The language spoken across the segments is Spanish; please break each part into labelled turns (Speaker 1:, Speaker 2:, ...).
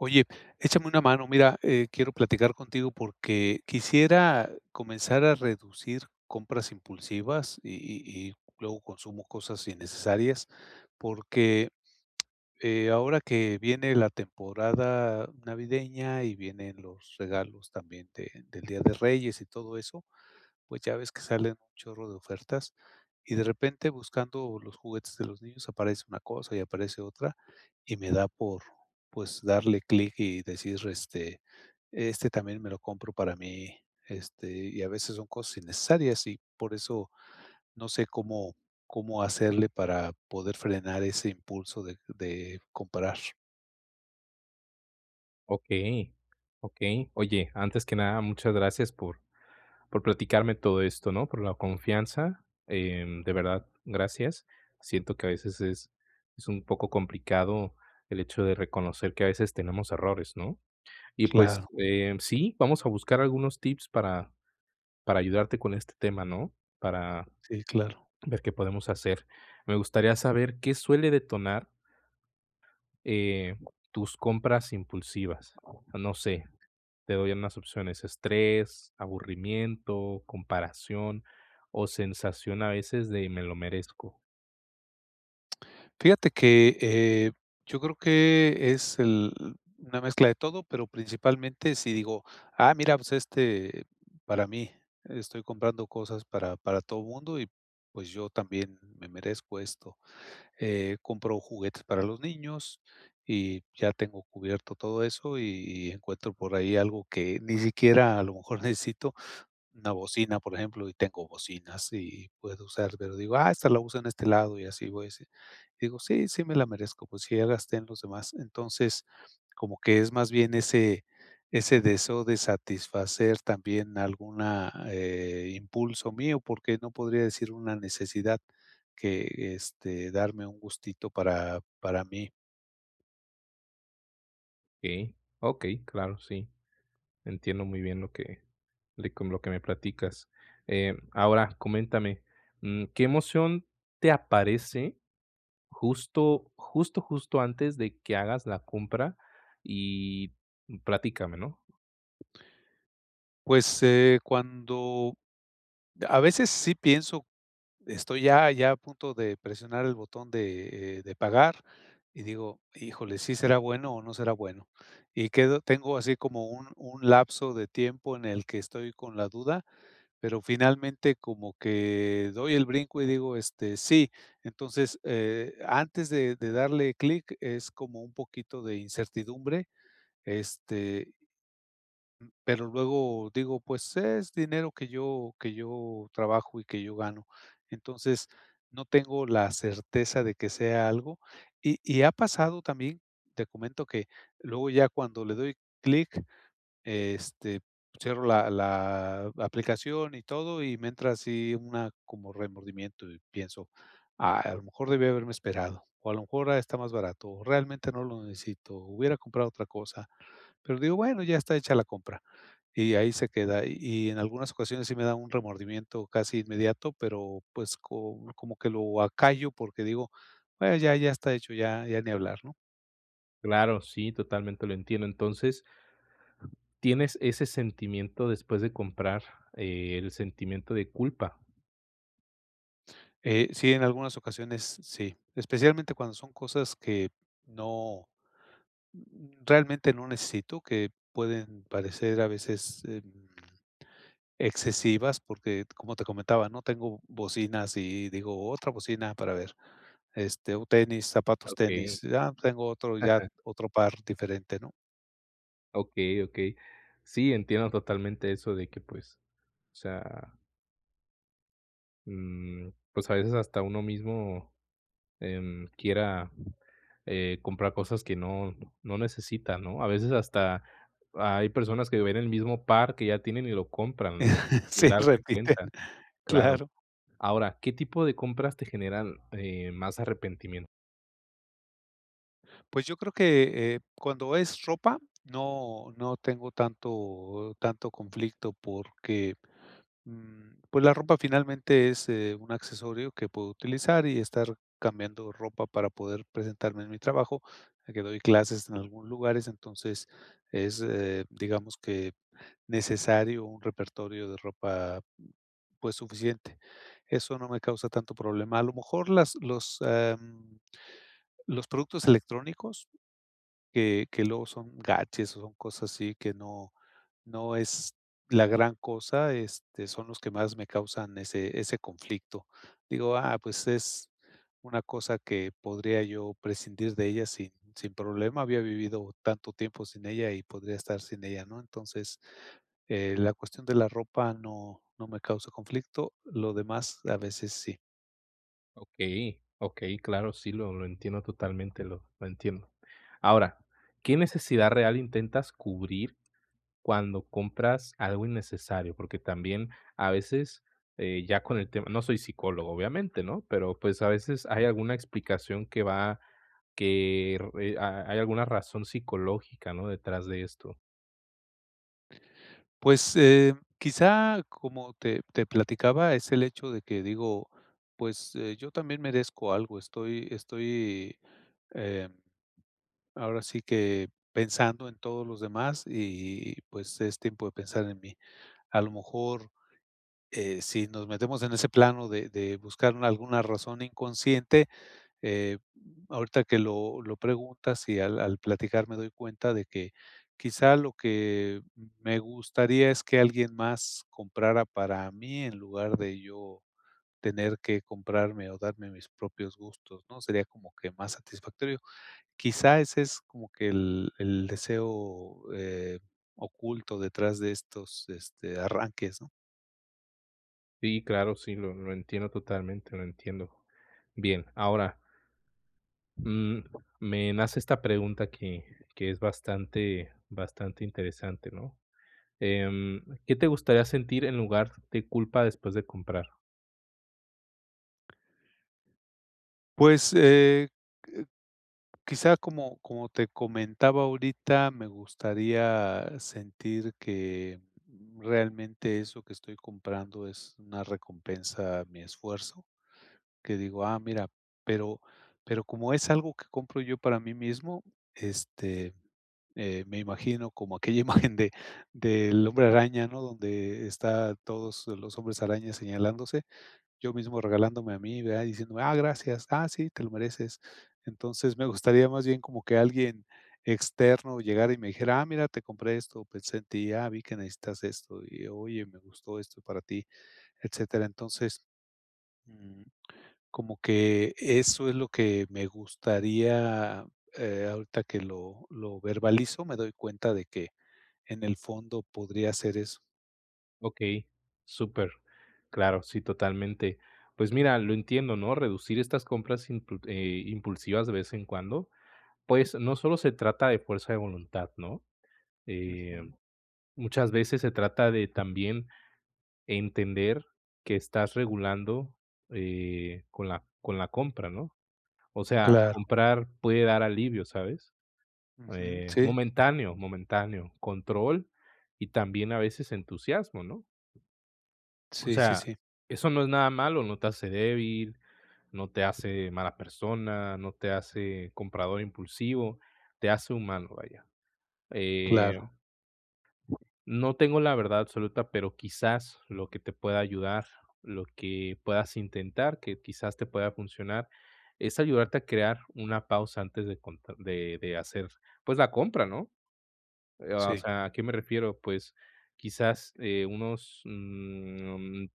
Speaker 1: Oye, échame una mano. Mira, eh, quiero platicar contigo porque quisiera comenzar a reducir compras impulsivas y y y luego consumo cosas innecesarias, porque, eh, ahora que viene la temporada navideña y vienen los regalos también de del Día de Reyes y todo eso, pues, ya ves que salen un chorro de ofertas y, de repente, buscando los juguetes de los niños, aparece una cosa y aparece otra, y me da por, pues, darle clic y decir, este, este también me lo compro para mí, este, y a veces son cosas innecesarias y por eso no sé cómo cómo hacerle para poder frenar ese impulso de de comprar.
Speaker 2: Okey okey, oye, antes que nada, muchas gracias por por platicarme todo esto, ¿no?, por la confianza, eh, de verdad gracias. Siento que a veces es es un poco complicado el hecho de reconocer que a veces tenemos errores, ¿no? Y, pues
Speaker 1: Claro.
Speaker 2: eh, sí, vamos a buscar algunos tips para para ayudarte con este tema, ¿no? Para,
Speaker 1: Sí, claro.
Speaker 2: ver qué podemos hacer, me gustaría, ¿saber qué suele detonar eh, tus compras impulsivas? No sé, te doy unas opciones, estrés, aburrimiento, comparación, o sensación a veces de me lo merezco.
Speaker 1: Fíjate que, eh, yo creo que es el una mezcla de todo, pero principalmente sí digo: "Ah, mira, pues, este, para mí, estoy comprando cosas para para todo el mundo y, pues, yo también me merezco esto", eh, compro juguetes para los niños y ya tengo cubierto todo eso y y encuentro por ahí algo que ni siquiera a lo mejor necesito. Una bocina, por ejemplo, y tengo bocinas y puedo usar, pero digo: "Ah, esta la uso en este lado", y así, voy así. Digo: "Sí, sí me la merezco. Pues sí, ya gasté en los demás". Entonces, como que es más bien ese ese deseo de satisfacer también alguna eh, impulso mío, porque no podría decir una necesidad, que, este, darme un gustito para para mí.
Speaker 2: Okey, okey, claro, sí. Entiendo muy bien lo que de con lo que me platicas, eh, ahora coméntame, mm, ¿qué emoción te aparece justo, justo, justo antes de que hagas la compra? Y platícame, ¿no?
Speaker 1: Pues, eh, cuando a veces sí pienso, estoy ya ya a punto de presionar el botón de, eh, de pagar y digo: "Híjole, ¿sí será bueno o no será bueno?". Y quedo tengo así como un un lapso de tiempo en el que estoy con la duda, pero finalmente como que doy el brinco y digo, este: "Sí". Entonces, eh, antes de de darle clic, es como un poquito de incertidumbre este pero luego digo: "Pues, es dinero que yo que yo trabajo y que yo gano", entonces no tengo la certeza de que sea algo. Y y ha pasado también, te comento, que luego ya cuando le doy clic, este, cierro la la aplicación y todo, y me entra así una como remordimiento y pienso: "A lo mejor debí haberme esperado, o a lo mejor está más barato, o realmente no lo necesito, hubiera comprado otra cosa". Pero digo: "Bueno, ya está hecha la compra", y ahí se queda. Y y en algunas ocasiones sí me da un remordimiento casi inmediato, pero pues, co como que lo acallo porque digo: "Me ya ya está hecho, ya ya ni hablar", ¿no?
Speaker 2: Claro, sí, totalmente lo entiendo. Entonces, ¿tienes ese sentimiento después de comprar?, eh, ¿el sentimiento de culpa?
Speaker 1: Eh, sí, en algunas ocasiones sí, especialmente cuando son cosas que no, mm, realmente no necesito, que pueden parecer, a veces, em, excesivas, porque, como te comentaba, ¿no?, tengo bocinas y digo: "Otra bocina para ver", este, o tenis, zapatos
Speaker 2: Okey.
Speaker 1: tenis, ah, tengo otro ya,
Speaker 2: Ajá.
Speaker 1: otro par diferente, ¿no?
Speaker 2: Okey, okey. Sí, entiendo totalmente eso de que pues, o sea mm, pues, a veces hasta uno mismo, em, quiera, eh, comprar cosas que no no necesita, ¿no? A veces hasta hay personas que ven el mismo par que ya tienen y lo compran, ¿no?, sin
Speaker 1: Sí,
Speaker 2: darse
Speaker 1: repiten,
Speaker 2: cuenta. Claro,
Speaker 1: claro.
Speaker 2: ahora, ¿qué tipo de compras te generan, eh, más arrepentimien?
Speaker 1: Pues, yo creo que, eh, cuando es ropa, no no tengo tanto tanto conflicto porque, mm, pues, la ropa finalmente es, eh, un accesorio que puedo utilizar y estar cambiando ropa para poder presentarme en mi trabajo, ya que doy clases en algunos lugares, entonces es, eh, digamos que necesario un repertorio de ropa, pues, suficiente. Eso no me causa tanto problema, a lo mejor las los, am, los productos electrónicos que que luego son gadgets o son cosas así que no no es la gran cosa, este, son los que más me causan ese ese conflicto. Digo: "Ah, pues, es una cosa que podría yo prescindir de ella sin sin problema, había vivido tanto tiempo sin ella y podría estar sin ella", ¿no? Entonces, eh, la cuestión de la ropa no no me causa conflicto, lo demás, a veces sí.
Speaker 2: Okey, okey, claro. Sí, lo lo entiendo totalmente, lo lo entiendo. Ahora, ¿qué necesidad real intentas cubrir cuando compras algo innecesario? Porque, también a veces, eh, ya con el tema no soy psicólogo, obviamente, ¿no?, pero pues, a veces hay alguna explicación que va que r eh ha hay alguna razón psicológica, ¿no?, detrás de esto.
Speaker 1: Pues, eh, quizá como te te platicaba, es el hecho de que digo: "Pues, eh, yo también merezco algo". Estoy estoy, em, ahora sí que pensando en todos los demás y, pues, es tiempo de pensar en mí. A lo mejor, eh, si nos metemos en ese plano de de buscar alguna razón inconsciente, eh, ahorita que lo lo preguntas y al al platicar me doy cuenta de que quizá lo que, mm, me gustaría es que alguien más comprara para mí, en lugar de yo tener que comprarme, o darme mis propios gustos, ¿no? Sería como que más satisfactorio. Quizá ese es, como que el el deseo, eh, oculto detrás de estos, este, arranques, ¿no?
Speaker 2: Sí, claro, sí, lo lo entiendo totalmente, lo entiendo. Bien, ahora mm, me nace esta pregunta que que es bastante, bastante interesante, ¿no? Em, ¿qué te gustaría sentir en lugar de culpa después de comprar?
Speaker 1: Pues, eh eh, quizá, como como te comentaba, ahorita me gustaría sentir que, mm, realmente eso que estoy comprando es una recompensa a mi esfuerzo, que digo: "Ah, mira". Pero pero como es algo que compro yo para mí mismo, este, eh, me imagino como aquella imagen de, del hombre araña, ¿no?, donde está todos los hombres araña señalándose. Yo mismo regalándome a mí de ahí diciéndome: "Ah, gracias. Ah, sí, te lo mereces". Entonces, me gustaría más bien, como que alguien externo llegara y me dijera: "Ah, mira, te compré esto, pensé en ti. Ah, vi que necesitas esto. Y, oye, me gustó esto para ti", etcétera. Entonces mm, como que eso es lo que me gustaría. Eh, ahorita que lo lo verbalizo, me doy cuenta de que en el fondo podría ser eso.
Speaker 2: Okey, súper. Claro, sí, totalmente. Pues mira, lo entiendo, ¿no? Reducir estas compras impul eh, impulsivas de vez en cuando, pues, no solo se trata de fuerza de voluntad, ¿no?, eh,
Speaker 1: Ujú.
Speaker 2: muchas veces se trata de también entender que estás regulando, eh, con la con la compra, ¿no? O sea,
Speaker 1: Claro.
Speaker 2: comprar puede dar alivio, ¿sabes?,
Speaker 1: Ujú,
Speaker 2: eh,
Speaker 1: sí.
Speaker 2: momentáneo, momentáneo, control y también, a veces, entusiasmo, ¿no?, o
Speaker 1: Sí, sí,
Speaker 2: sea,
Speaker 1: sí.
Speaker 2: eso no es nada malo. No te hace débil, no te hace mala persona, no te hace comprador impulsivo, te hace humano, vaya, eh
Speaker 1: Claro.
Speaker 2: No tengo la verdad absoluta, pero quizás lo que te pueda ayudar, lo que puedas intentar que quizás te pueda funcionar, es ayudarte a crear una pausa antes de conta de de hacer, pues la compra, ¿no?, eh, o
Speaker 1: Sí.
Speaker 2: sea, ¿a qué me refiero? Pues quizás, eh, unos, mm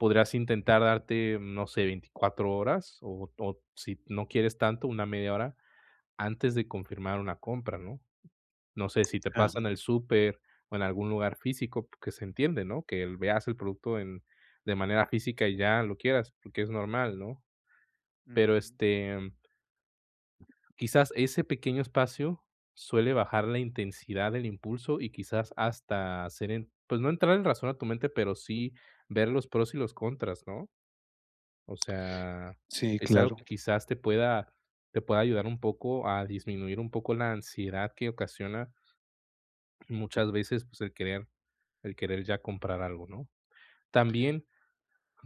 Speaker 2: podrás intentar darte, mm, no sé, 24 horas o o si no quieres tanto, una media hora antes de confirmar una compra, ¿no? No sé si te pasa en
Speaker 1: Ajá.
Speaker 2: el súper o en algún lugar físico, que se entiende, ¿no?, que el veas el producto en de manera física y ya lo quieras, porque es normal, ¿no? Pero
Speaker 1: Ujú.
Speaker 2: este quizás ese pequeño espacio suele bajar la intensidad del impulso y quizás hasta hacer en pues, no entrar en razón a tu mente, pero sí ver los pros y los contras, ¿no? O sea,
Speaker 1: Sí,
Speaker 2: es algo que
Speaker 1: claro.
Speaker 2: quizás te pueda te pueda ayudar un poco a disminuir un poco la ansiedad que ocasiona muchas veces, pues, el querer, el querer ya comprar algo, ¿no? También,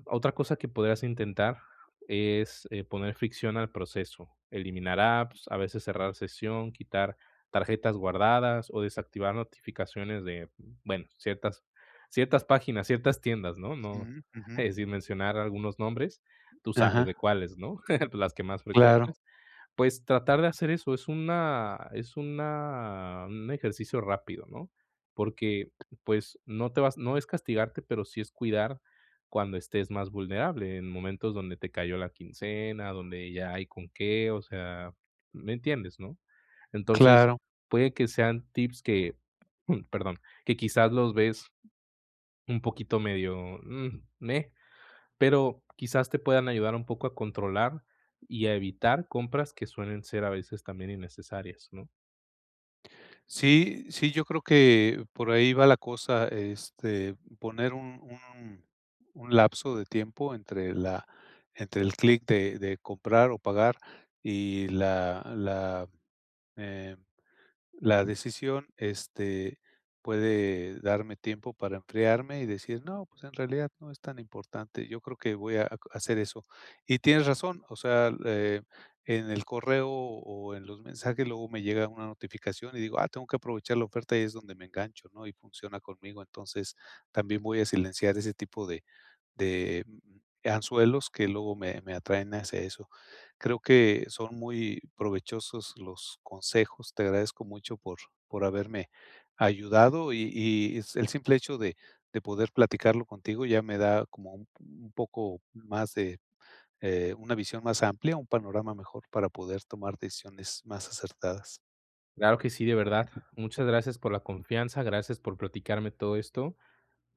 Speaker 2: otra cosa que podrías intentar es, eh, poner fricción al proceso, eliminar apps, a veces cerrar sesión, quitar tarjetas guardadas o desactivar notificaciones de, bueno, ciertas ciertas páginas, ciertas tiendas, ¿no?, no
Speaker 1: Ujú, ujú.
Speaker 2: eh, sin mencionar algunos nombres, tú sabes de
Speaker 1: Ajá.
Speaker 2: cuáles, ¿no?, de las que más
Speaker 1: Claro.
Speaker 2: frecuentas. Pues, tratar de hacer eso es una es una un ejercicio rápido, ¿no? Porque, pues, no te vas no es castigarte, pero sí es cuidar cuando estés más vulnerable, en momentos donde te cayó la quincena, donde ya hay con qué. O sea, ¿me entiendes, no? Entonces,
Speaker 1: Claro.
Speaker 2: puede que sean tips que, perdón, que quizás los ves un poquito medio, mm, me pero quizás te puedan ayudar un poco a controlar y a evitar compras que suelen ser, a veces, también innecesarias, ¿no?
Speaker 1: Sí sí, yo creo que por ahí va la cosa, este, poner un un un lapso de tiempo entre la entre el clic de de comprar o pagar y la la, eh, la decisión, este, puede darme tiempo para enfriarme y decir: "No, pues, en realidad no es tan importante". Yo creo que voy a a hacer eso, y tienes razón, o sea, eh, en el correo o en los mensajes, luego me llega una notificación y digo "Ah, tengo que aprovechar la oferta" y es donde me engancho, ¿no? Y funciona conmigo, entonces, también voy a silenciar ese tipo de de, mm, anzuelos que luego me me atraen hacia eso. Creo que son muy provechosos los consejos, te agradezco mucho por por haberme ayudado y y el simple hecho de de poder platicarlo contigo ya me da como un un poco más de, eh, una visión más amplia, un panorama mejor, para poder tomar decisiones más acertadas.
Speaker 2: Claro que sí, de verdad, muchas gracias por la confianza, gracias por platicarme todo esto,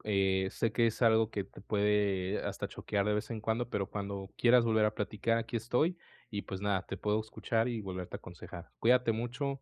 Speaker 2: eh, sé que es algo que te puede hasta choquear de vez en cuando, pero cuando quieras volver a platicar aquí estoy, y, pues, nada, te puedo escuchar y volverte a aconsejar. Cuídate mucho.